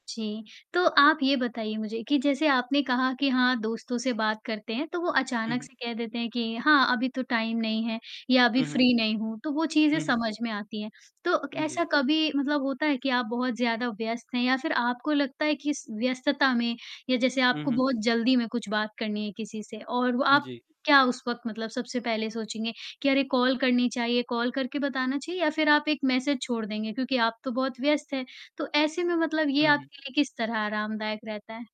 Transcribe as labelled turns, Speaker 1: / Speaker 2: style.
Speaker 1: जी, तो आप ये बताइए मुझे कि जैसे आपने कहा कि हाँ, दोस्तों से बात करते हैं तो वो
Speaker 2: हुँ,
Speaker 1: अचानक
Speaker 2: हुँ।
Speaker 1: से कह देते हैं कि हाँ अभी तो टाइम नहीं है या अभी
Speaker 2: हुँ, हुँ।
Speaker 1: फ्री नहीं हूँ, तो वो चीज़ें
Speaker 2: हुँ, हुँ।
Speaker 1: समझ में आती हैं। तो क
Speaker 2: उम, जी।
Speaker 1: ऐसा कभी मतलब होता है कि आप बहुत ज़्यादा व्यस्त हैं या फ़िर आपको लगता है कि स व्यस्तता में, या जैसे
Speaker 2: हुँ,
Speaker 1: आपको
Speaker 2: हुँ।
Speaker 1: बहुत जल्दी में कुछ बात करनी है किसी से। और व आप
Speaker 2: जी।
Speaker 1: क्या उस वक़्त मतलब सबसे पहले सोचेंगे, कि अरे कॉल करनी चाहिए, कॉल करके बताना चाहिए या फ़िर आप एक मैसेज छोड़ देंगे, क्योंकि आप तो बहुत व्यस्त हैं। तो ऐसे में मतलब ये
Speaker 2: हुँ, हुँ।
Speaker 1: आपके लिए किस तरह आरामदायक रहता है?